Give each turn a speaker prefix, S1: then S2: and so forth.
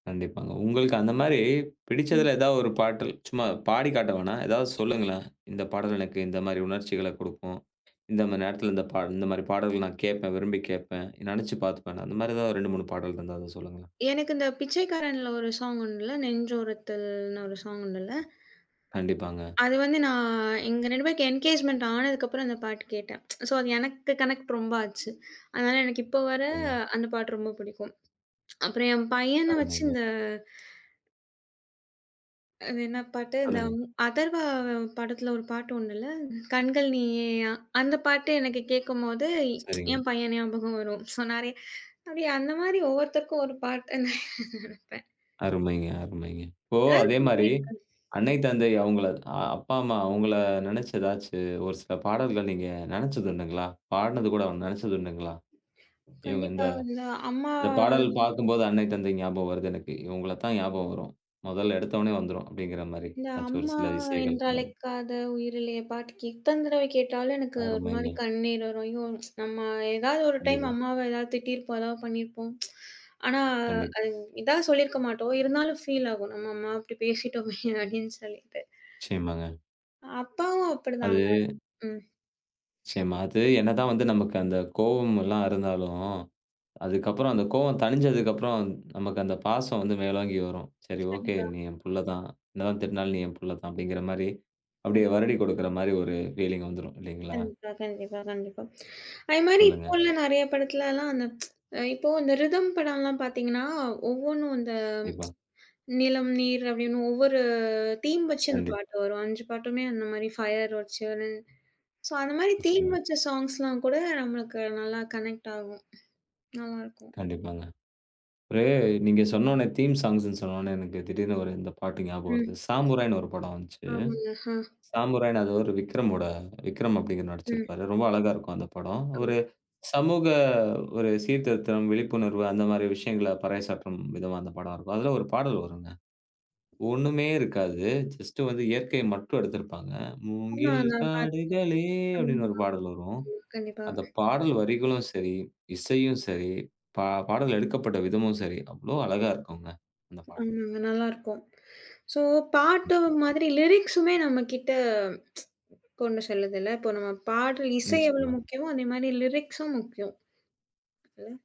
S1: கண்டிப்பாங்க. உங்களுக்கு அந்த மாரி
S2: ம்.
S1: பிடிச்சதுல ஏதாவது ஒரு பாடல். சும்மா பாடி காட்ட வேணாம். ஏதாவது சொல்லுங்களேன். இந்தப் பாடல் எனக்கு இந்த மாரி உணர்ச்சிகள குடுக்கும். இந்த மாரி நேரத்துல இந்தப் பாடல். இந்த மாரி பாடல்கள நான் கேட்பேன். விரும்பி கேட்பேன். நெனைச்சு பார்த்துப்பேன்னு. அந்த மாதிரி ஏதாவது 2, 3 பாடல் இருந்தா அத சொல்லுங்க.
S2: எனக்கு அந்தப் பிச்சைக்காரன்ல 1 சாங்க் உண்டுல்ல. நெஞ்சொருத்தல்ன்னு ஒரு சாங்க் உண்டுல்ல.
S1: கண்டிப்பாங்க.
S2: அது வந்து நான் எங்க 2 பேருக்கும் எங்கேஜ்மெண்ட் ஆனதுக்கப்பறம் அந்தப் பாட்டு கேட்டேன். ஸோ அது எனக்குக் கனெக்ட் ரொம்ப ஆச்சு. அதனால எனக்கு இப்ப வர
S1: [unintelligible]
S2: அந்தப் பாட்டு ரொம்ப புடிக்கும். அப்பறம் என் பையனை வச்சு
S1: அருமைங்க.
S2: இந்த அது என்ன பாட்டு? இந்த
S1: சொல்லுங்க.
S2: ம் அதர்வா படத்துல ஒரு பாட்டு 1 இல்ல. "கண்கள் நீயேயா" அந்தப் பாட்டு எனக்கு கேட்கும்போது
S1: சரிங்க.
S2: என் பையன் ஞாபகம் வரும். ஸோ நெறைய அது அந்த மாரி ஒவ்வொருத்தருக்கும் ஒரு பாட்ட நெனைப்பேன்.
S1: அருமைங்க, அருமைங்க. இப்போ அதே மாரி
S2: [unintelligible]
S1: அன்னை, தந்தை அவங்கள அப்பா, அம்மா அவங்கள நெனைச்சு ஏதாச்சு ஒரு சில பாடல்கள் நீங்க நெனைச்சதுண்டுங்களா? பாடுனது கூட வேணா, நெனைச்சதுண்டுங்களா? இவங்க இந்த
S2: கண்டிப்பா. அதுல அம்மா
S1: இந்தப் பாடல் பாக்கும்போது
S2: [unintelligible]
S1: அன்னை, தந்தை ஞாபகம் வருது எனக்கு. இவங்களைத்தான் ஞாபகம் வரும். முதல்ல எடுத்த ஒன்னே வந்துரும். அப்டீங்கிற மாரி
S2: இல்ல
S1: ஏதாச்சு ஒரு
S2: "அம்மா
S1: சில இசைகள்
S2: என்றழைக்காத உயிரில்லையே" பாட்டுக், எத்தன தடவை கேட்டாலும் எனக்கு ஒரு மாரி
S1: அருமைங்க.
S2: கண்ணீர் வரும். அய்யோ! நம்ம ஏதாவது ஒரு டைம்
S1: கண்டிப்பா.
S2: அம்மாவ ஏதாவது திட்டிருப்போம், எதாவது பண்ணீருப்போம். ஆனா
S1: கண்டிப்பா.
S2: அது இதா சொல்லியிருக்க மாட்டோம். இருந்தாலும் ஃபீல் ஆகும். நம்ம அம்மாவ இப்டி பேசிட்டோமே அப்டின்னு சொல்லிட்டு.
S1: நிச்சயமாங்க.
S2: அப்பாவும் அப்படிதாங்க.
S1: அது
S2: ம்.
S1: நிச்சயமா. அது என்னதான் வந்து நமக்கு அந்தக் கோவமல்லாம் இருந்தாலும், அதுக்கப்புறம் அந்தக் கோவம் தணிஞ்சதுக்கப்புறம் நமக்கு அந்தப் பாசம் வந்து மேலோங்கி வரும். "சரி ஓகே
S2: கண்டிப்பா.
S1: நீ என் புள்ள தான். என்னதான் திட்டுனாலும் நீ என் புள்ள தான்." அப்டீங்கிற மாரி அப்படியே
S2: கண்டிப்
S1: வருடி குடுக்கிற மாரி ஒரு ஃபீலிங் வந்துரும் இல்லீங்களா?
S2: கண்டிப்பா. கண்டிப்பா. கண்டிப்பா. அதே மாரி இப்ப
S1: சொல்லுங்க.
S2: உள்ள நெறைய படத்துலல்லாம் அந்த, இப்போ அந்த ரிதம் படம்ல்லாம் பாத்தீங்கன்னா, ஒவ்வொன்னும் அந்த
S1: டிப்பா.
S2: நிலம், நீர், அப்படீன்னு ஒவ்வொரு தீம் வச்சு அந்தப்
S1: கண்டிப்பா.
S2: பாட்டு வரும். 5 பாட்டுமே அந்த மாரி, ஃபயர் வச்சு வரும். ஸோ அந்த மாதிரி தீம்
S1: நிச்சயமா.
S2: வச்ச ஸாங்க்ஸ்ல்லாம் கூட நம்மளுக்கு நல்லா கனெக்ட் ஆகும். நல்லா இருக்கும்.
S1: கண்டிப்பாங்க. ஒரு நீங்க சொன்னொன்னே தீம் ஸாங்க்ஸ்ன்னு சொன்னொன்னே எனக்குத் திடீர்ன்னு 1 இந்தப் பாட்டு ஞாபகம் வருது.
S2: ம்.
S1: சாமுராய்ன்னு 1 படம் வந்துச்சு.
S2: ஆமாங்க. ஹா.
S1: சாமுராய்ன்னு அது ஒரு விக்ரமோட, விக்ரம் அப்டீங்கிறவரு
S2: ம்.
S1: நடிச்சிருப்பாரு. ரொம்ப அழகா இருக்கும் அந்தப் படம். ஒரு
S2: [unintelligible]
S1: சமூக ஒரு சீர்திருத்தம், விழிப்புணர்வு அந்த மாரி விஷயங்கள பறைசாற்றும் விதமா அந்தப் படம் இருக்கும். அதுல 1 பாடல் வரும்ங்க. ஒண்ணுமே இருக்காது. ஜஸ்ட் வந்து இயற்கையை மட்டும் எடுத்திருப்பாங்க.
S2: ஆமா
S1: "மூங்கில்
S2: நான் பாத்
S1: காடுகளே"
S2: ஆமா.
S1: அப்டின்னு 1 பாடல் வரும்.
S2: ஆமா. கண்டிப்பா.
S1: அந்தப் பாடல் வரிகளும் சரி, இசையும் சரி, பா பாடல் எடுக்கப்பட்ட விதமும் சரி அவ்வளோ அழகா இருக்கும்ங்க அந்தப்
S2: அ
S1: பாடல்.
S2: நல்லா இருக்கும். ஸோ பாட்டு
S1: கண்டிப்பா.
S2: மாதிரி, லிரிக்ஸுமே நம்மகிட்ட கொண்டு செல்லதுல்ல. இப்போ நம்ம பாடல் இசை எவ்வளோ
S1: நிச்சயமா.
S2: முக்கியமோ அதே மாரி லிரிக்ஸும் முக்கியம். இல்ல.